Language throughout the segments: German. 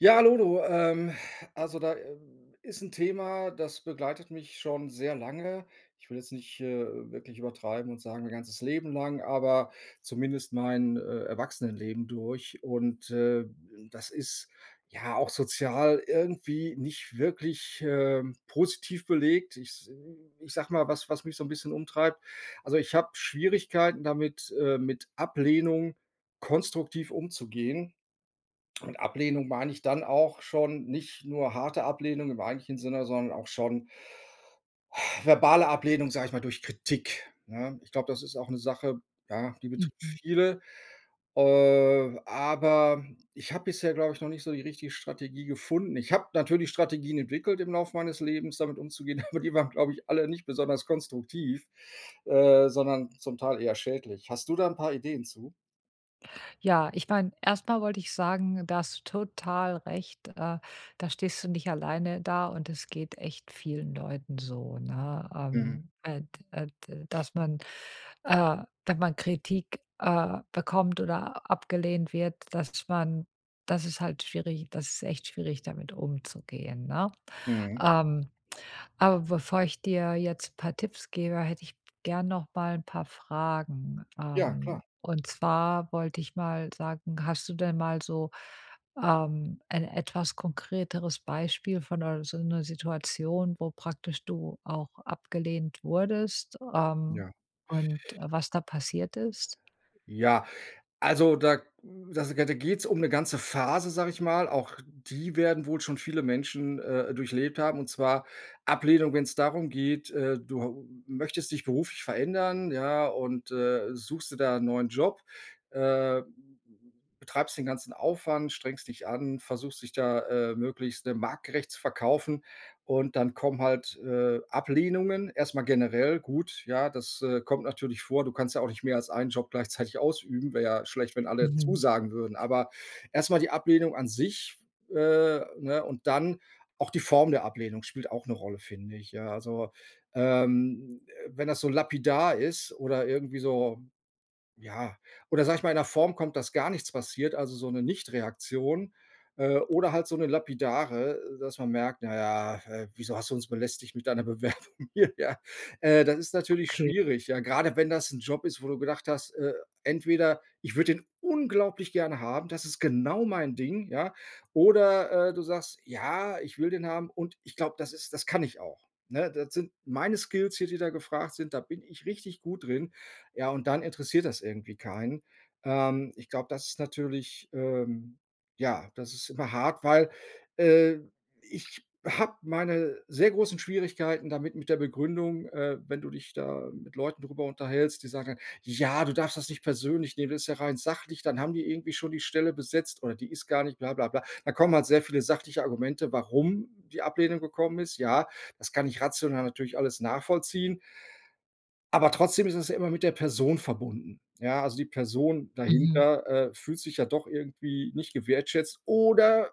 Ja. Hallo, ähm, also, da, ähm, ist 'n Thema, das begleitet mich schon sehr lange. Ich will jetzt nicht, äh, wirklich übertreiben und sagen mein ganzes Leben lang, aber zumindest mein, äh, Erwachsenenleben durch und, äh, das ist, ja, auch sozial irgendwie nicht wirklich, ähm, positiv belegt. Ich s ich sage mal, was was mich so 'n bisschen umtreibt. Also, ich habe Schwierigkeiten damit, äh, mit Ablehnung konstruktiv umzugehen und Ablehnung meine ich dann auch schon nicht nur harte Ablehnung im eigentlichen Sinne, sondern auch schon verbale Ablehnung, sage ich mal durch Kritik, ne? Ich glaube, das ist auch 'ne Sache, ja, die betrifft Mhm. viele. Äh, aber ich habe bisher, glaube ich, noch nicht so die richtige Strategie gefunden. Ich habe natürlich Strategien entwickelt, im Laufe meines Lebens damit umzugehen. Aber die waren, glaube ich, alle nicht besonders konstruktiv, äh, sondern zum Teil eher schädlich. Hast du da 'n paar Ideen zu? Ja, ich meine, erstmal wollte ich sagen: Da hast du total recht, äh, da stehst du nicht alleine da und das geht echt vielen Leuten so, ne? Mhm. Ähm, äh d äh, d dass man äh, dass man, wenn man Kritik, äh, bekommt oder abgelehnt wird, dass man das ist halt schwierig, das ist echt schwierig damit umzugehen, ne? Mhm. Ähm, aber bevor ich dir jetzt paar Tipps gebe, hätte ich gern noch mal 'n paar Fragen. Ja, Ähm, klar. und zwar wollte ich mal sagen, hast du denn mal so, ähm, ein etwas konkreteres Beispiel von 'ner so 'ner Situation, wo praktisch du auch abgelehnt wurdest, ähm, Ja. und, äh, was da passiert ist? Ja. Also da da s da geht's um 'ne ganze Phase, sage ich mal. Auch die werden wohl schon viele Menschen, äh, durchlebt haben, und zwar Ablehnung wenn's darum geht, äh, du hau möchtest dich beruflich verändern, ja, und, äh, suchst dir da 'n neuen Job, äh, b b betreibst den ganzen Aufwand, strengst dich an, versuchst dich da, äh, möglichst, ne, marktgerecht zu verkaufen. Und dann kommen halt, äh, Ablehnungen. Erstmal generell gut, ja, das, äh, kommt natürlich vor. Du kannst ja auch nicht mehr als einen Job gleichzeitig ausüben, wäre ja schlecht, wenn alle Mhm. zusagen würden. Aber erstmal die Ablehnung an sich, äh, ne, und dann auch die Form der Ablehnung spielt auch 'ne Rolle, finde ich, ja, also, ähm, äh, wenn das so lapidar ist oder irgendwie so, ja oder sage ich mal in 'ner Form kommt, dass gar nichts passiert, also so 'ne Nichtreaktion. Äh, oder halt so 'ne lapidare, äh, dass man merkt: „Na ja, äh, wieso hast du uns belästigt mit deiner Bewerbung hier“, ja? Äh, das ist natürlich Okay. schwierig, ja. Gerade wenn das 'n Job ist, wo du gedacht hast, äh, entweder: „Ich würde den unglaublich gerne haben, das ist genau mein Ding“, ja? Oder, äh, du sagst: „Ja, ich will den haben und ich glaube, das ist das kann ich auch, ne? Das sind meine Skills hier, die da gefragt sind, da bin ich richtig gut drin.“ Ja und dann interessiert das irgendwie keinen. Ähm, ich glaube, das ist natürlich ähm, ja, das ist immer hart, weil, äh, ich habe meine sehr großen Schwierigkeiten damit, mit der Begründung. Äh, wenn du dich da mit Leuten darüber unterhältst, die sagen dann: „Ja, du darfst das nicht persönlich nehmen, das ist ja rein sachlich. Dann haben die irgendwie schon die Stelle besetzt, oder die ist gar nicht bla, bla, bla.“ Da kommen halt sehr viele sachliche Argumente, warum die Ablehnung gekommen ist. Ja, das kann ich rational natürlich alles nachvollziehen. Aber trotzdem ist es ja immer mit der Person verbunden. Ja, also die Person Mhm. dahinter, äh, fühlt sich ja doch irgendwie nicht gewertschätzt oder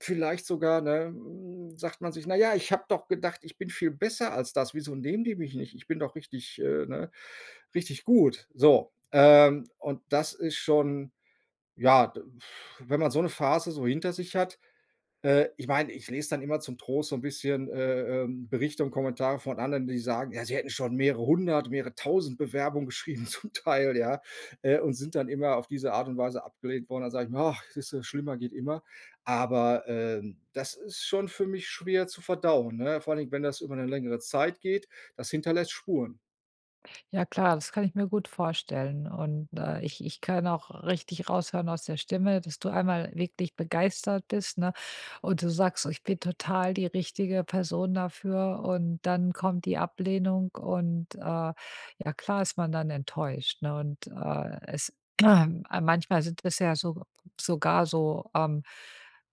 vielleicht sogar ne, hm, sagt man sich: „Naja, ich habe doch gedacht, ich bin viel besser als das. Wieso nehmen die mich nicht? Ich bin doch richtig, äh, ne richtig gut.“ So, ähm, und das ist schon ja, wenn man so 'ne Phase so hinter sich hat. Äh, ich meine, ich lese dann immer zum Trost so 'n bisschen, äh, ähm, Berichte und Kommentare von anderen, die sagen: Ja, sie „hätten schon mehrere hundert, mehrere tausend Bewerbungen geschrieben“, zum Teil, ja, äh, und sind dann immer auf diese Art und Weise abgelehnt worden. Dann sage ich mir: „Ach, siehst du, schlimmer geht immer.“ Aber, ähm, das ist schon für mich schwer zu verdauen, ne? Vor allen Dingen, wenn das über 'ne längere Zeit geht. Das hinterlässt Spuren. Ja, klar. Das kann ich mir gut vorstellen. Und, äh, ich ich kann auch richtig raushören aus der Stimme, dass du einmal wirklich begeistert bist, ne? Und du sagst so: „Ich bin total die richtige Person dafür.“ Und dann kommt die Ablehnung. Und, äh, ja klar ist man dann enttäuscht, ne und, äh, es Manchmal sind es ja so sogar so, ähm,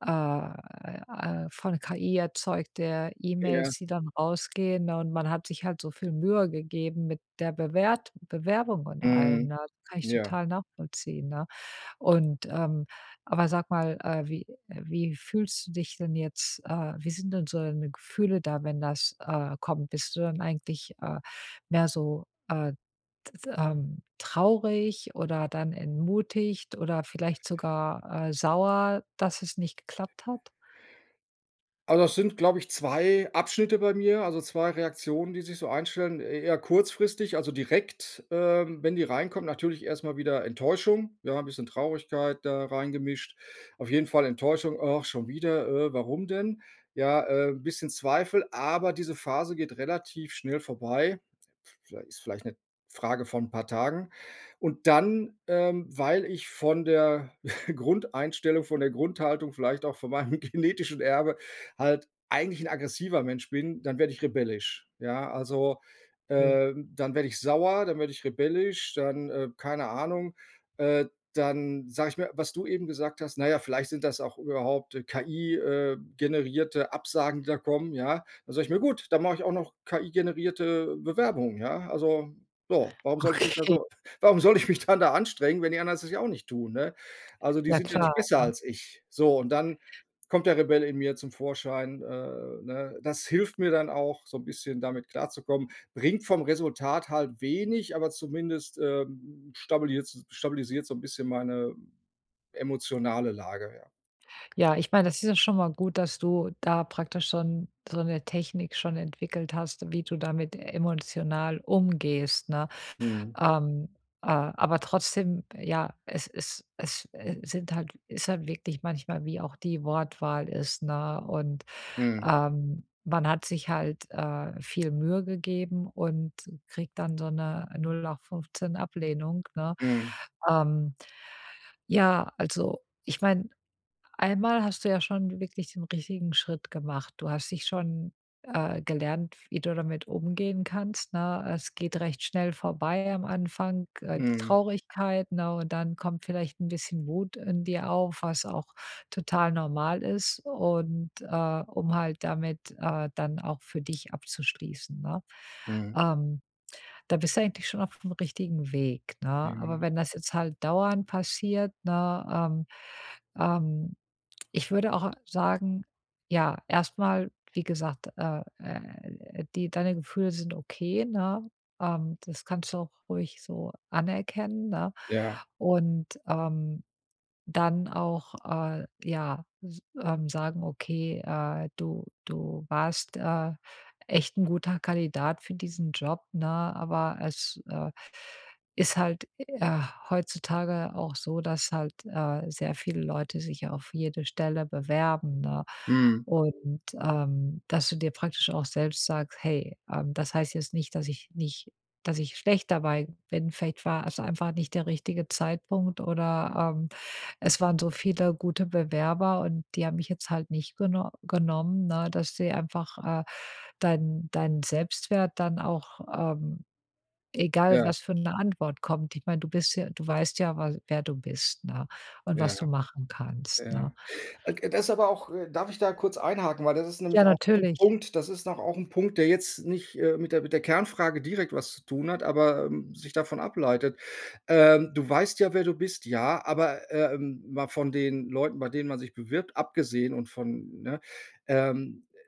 äh, äh, von KI erzeugte Ja. E-Mails, die dann rausgehen, ne, und man hat sich halt so viel Mühe gegeben mit der Bewert Bewerbung und allem, Mhm. ne? Kann ich Ja. total nachvollziehen, ne? Und, ähm, aber sag mal, äh, wie äh, wie fühlst du dich denn jetzt, äh, wie sind denn so deine Gefühle da, wenn das, äh, kommt. Bist du dann eigentlich, äh, mehr so, äh, t t ähm traurig oder dann entmutigt oder vielleicht sogar, äh, sauer, dass es nicht geklappt hat? Also, das sind, glaube ich, 2 Abschnitte bei mir. Also, 2 Reaktionen, die sich so einstellen, eh eher kurzfristig. Also, direkt, ähm, wenn die reinkommen. Natürlich erst mal wieder Enttäuschung. Ja, 'n bisschen Traurigkeit da reingemischt. Auf jeden Fall Enttäuschung. „Ach, schon wieder. Äh, warum denn?“ Ja, äh, 'n bisschen Zweifel. Aber diese Phase geht relativ schnell vorbei. Viellei ist vielleicht 'ne Frage von 'n paar Tagen. Und dann, ähm, weil ich von der Grundeinstellung von der Grundhaltung vielleicht auch von meinem genetischen Erbe halt eigentlich ein aggressiver Mensch bin, dann werde ich rebellisch, ja? Also, Okay. ähm, dann werde ich sauer, dann werde ich rebellisch, dann, äh, keine Ahnung. Äh, dann sage ich mir, was du eben gesagt hast: „Na ja, vielleicht sind das auch überhaupt, äh, KI, äh, generierte Absagen, die da kommen“, ja? Dann sage ich mir: „Gut, dann mache ich auch noch KI-generierte Bewerbung, ja.“ Also, so. Warum soll ich mich da Okay. so warum soll ich mich dann da anstrengen, wenn die anderen das ja auch nicht tun, ne? Also, die Ja sind ja nicht klar, besser ne? als ich, so und dann kommt der Rebell in mir zum Vorschein, äh, ne? Das hilft mir dann auch so 'n bisschen, damit klarzukommen. Bringt vom Resultat halt wenig, aber zumindest, äh, stabiliert stabilisiert's so 'n bisschen meine emotionale Lage, ja. Ja, ich meine, das ist ja schon mal gut, dass du da praktisch schon so 'ne Technik schon entwickelt hast, wie du damit emotional umgehst, ne? Mhm. Ähm, äh, aber trotzdem, ja, es es es, äh, sind halt ist halt wirklich manchmal wie auch die Wortwahl ist, ne? Und, Mhm. ähm, man hat sich halt, äh, viel Mühe gegeben und kriegt dann so 'ne nullachtfünfzehn Ablehnung, ne? Mhm. Ähm, ja, also, ich meine, einmal hast du ja schon wirklich den richtigen Schritt gemacht. Du hast dich schon, äh, gelernt, wie du damit umgehen kannst, ne? Es geht recht schnell vorbei am Anfang, äh, die Mhm. Traurigkeit, ne, und dann kommt vielleicht 'n bisschen Wut in dir auf, was auch total normal ist und, äh, um halt damit, äh, dann auch für dich abzuschließen, ne? Mhm. Ähm. Da bist du eigentlich schon auf'm richtigen Weg, ne? Aber Mhm. wenn das jetzt halt dauernd passiert, ne? Ähm, ähm ich würde auch sagen ja, erstmal, wie gesagt, äh, äh, die deine Gefühle sind okay, ne, ähm, das kannst du auch ruhig so anerkennen, ne? Ja. Und, ähm, dann auch, äh, ja, s ähm, sagen: Okay, äh, du, du warst, äh, echt 'n guter Kandidat für diesen Job, ne, aber es, äh, ist halt, äh, heutzutage auch so, dass halt, äh, sehr viele Leute sich auf jede Stelle bewerben, ne?“ Mhm. Und, ähm, dass du dir praktisch auch selbst sagst: „Hey, ähm, das heißt jetzt nicht, dass ich nicht dass ich schlecht dabei bin, vielleicht war es einfach nicht der richtige Zeitpunkt oder, ähm, es waren so viele gute Bewerber und die haben mich jetzt halt nicht geno genommen.“ Ne, dass sie einfach, äh, dein deinen Selbstwert dann auch, ähm, egal, Ja. was für 'ne Antwort kommt ich meine, du bist ja du weißt ja, wa wer du bist, ne, und was Ja. du machen kannst, ne? Ja. [unintelligible] Das ist aber auch äh, darf ich da kurz einhaken? Weil das ist Ja, nämlich auch noch 'n natürlich. Punkt das ist noch auch 'n Punkt, der jetzt nicht, äh, mit der mit der Kernfrage direkt was zu tun hat, aber, ähm, sich davon ableitet. Ähm, du weißt ja, wer du bist. Ja, aber, ähm, mal von den Leuten, bei denen man sich bewirbt, abgesehen und von, ne? Ähm, äh,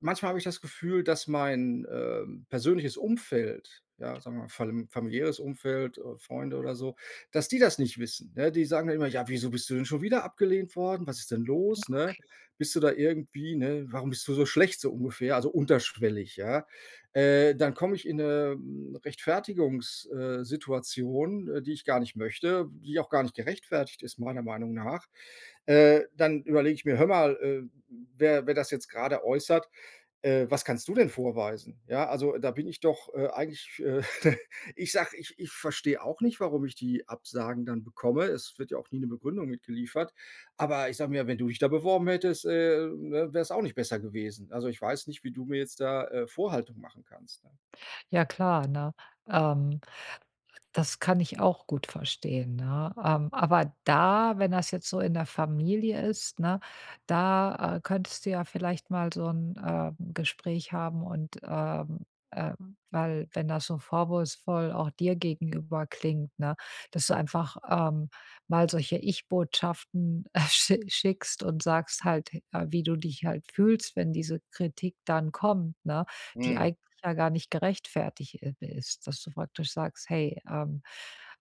manchmal habe ich das Gefühl, dass mein, ähm, persönliches Umfeld, ja, sagen wir mal, falm familiäres Umfeld, äh, Freunde oder so, dass die das nicht wissen, ne? Die sagen dann immer: „Ja, wieso bist du denn schon wieder abgelehnt worden, was ist denn Ja, los, ne? okay. Bist du da irgendwie, ne warum bist du so schlecht“, so ungefähr. Also unterschwellig, ja? Äh, dann komme ich in 'ne, ähm, Rechtfertigungs äh, Situation, äh, die ich gar nicht möchte, die auch gar nicht gerechtfertigt ist, meiner Meinung nach. Äh, dann überlege ich mir: „Hör mal, äh, wer wer das jetzt gerade äußert, äh, was kannst du denn vorweisen? Ja. Also, da bin ich doch, äh, eigentlich, äh ich sage, ich ich verstehe auch nicht, warum ich die Absagen dann bekomme. Es wird ja auch nie 'ne Begründung mitgeliefert. Aber ich sage mir, wenn du dich da beworben hättest, ähm, ne, wär 's auch nicht besser gewesen. Also, ich weiß nicht, wie du mir jetzt da, äh, Vorhaltung machen kannst, ja.“ Ja, klar, ne? Ähm, das kann ich auch gut verstehen, ne? Ähm, aber da, wenn das jetzt so in der Familie ist, ne, da, äh, könntest du ja vielleicht mal so 'n, äh, Gespräch haben. Und, ähm, äh weil, wenn das so vorwurfsvoll auch dir gegenüber klingt, ne, dass du einfach, ähm, mal solche Ich-Botschaften sch schickst und sagst halt, äh, wie du dich halt fühlst, wenn diese Kritik dann kommt, ne, die Mhm. eigentlich ja gar nicht gerechtfertigt i ist. Dass du praktisch sagst: „Hey“, ähm,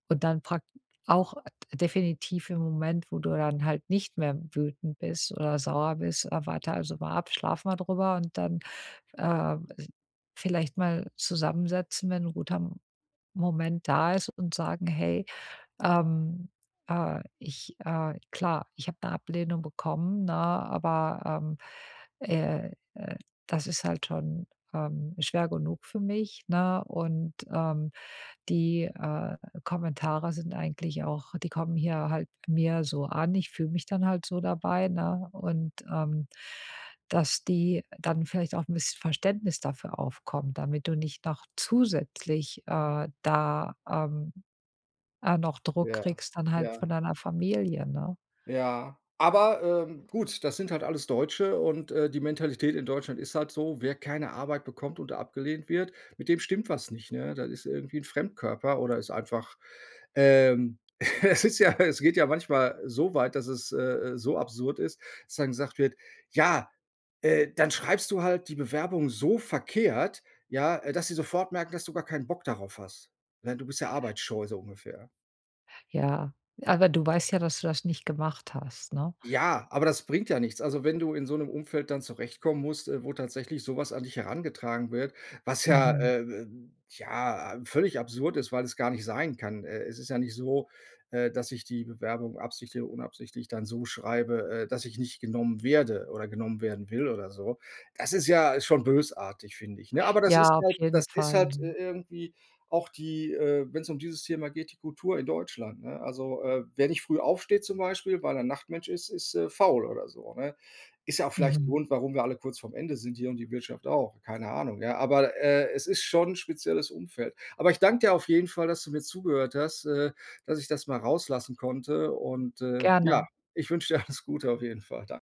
und dann prak auch, äh, definitiv im Moment, wo du dann halt nicht mehr wütend bist oder sauer bist, äh, warte also mal ab, schlaf mal drüber und dann, ähm, als vielleicht mal zusammensetzen, wenn 'n guter M Moment da ist und sagen: „Hey, ähm, äh, ich, äh, klar, ich habe 'ne Ablehnung bekommen, ne, aber, ähm, äh, äh, das ist halt schon, ähm, schwer genug für mich, ne, und, ähm, die, äh, Kommentare sind eigentlich auch die kommen hier halt mir so an. Ich fühle mich dann halt so dabei, ne?“ Und, ähm, dass die dann vielleicht auch 'n bisschen Verständnis dafür aufkommen, damit du nicht noch zusätzlich, äh, da, ähm, äh, noch Druck Ja. kriegst dann halt von Ja. deiner Familie, ne? Ja, aber, ähm, gut. Das sind halt alles Deutsche und, äh, die Mentalität in Deutschland ist halt so: Wer keine Arbeit bekommt und abgelehnt wird, mit dem stimmt was nicht, ne? Das ist irgendwie ein Fremdkörper oder ist einfach, ähm. Es ist ja es geht ja manchmal so weit, dass es, äh, äh, so absurd ist, dass dann gesagt wird: „Ja, äh, dann schreibst du halt die Bewerbung so verkehrt, ja, äh, dass sie sofort merken, dass du gar keinen Bock darauf hast. Ne, du bist ja arbeitsscheu“, so ungefähr. Ja. Aber du weißt ja, dass du das nicht gemacht hast, ne? Ja, aber das bringt ja nichts. Also, wenn du in so 'nem Umfeld dann zurechtkommen musst, äh, wo tatsächlich sowas an dich herangetragen wird, was ja Mhm. äh, ähm, ja, ähm, völlig absurd ist, weil es gar nicht sein kann. Äh, es ist ja nicht so, äh, dass ich die Bewerbung absichtlich oder unabsichtlich dann so schreibe, äh, dass ich nicht genommen werde oder genommen werden will oder so. Das ist ja schon bösartig, finde ich, ne? Aber das Ja, ist auf halt jeden das ist Fall, halt i mhm. irgendwie auch die äh, wenn's um dieses Thema geht, die Kultur in Deutschland, ne? Also, äh, wer nicht früh aufsteht zum Beispiel, weil er Nachtmensch ist, ist, äh, faul oder so, ne? Ist ja auch vielleicht 'n Mhm. Grund, warum wir alle kurz vorm Ende sind hier und die Wirtschaft auch. Keine Ahnung, ja, aber, äh, es ist schon 'n spezielles Umfeld. Aber ich danke dir auf jeden Fall, dass du mir zugehört hast, äh, dass ich das mal rauslassen konnte und, äh, ja, Gerne. ich wünsche dir alles Gute auf jeden Fall. Dan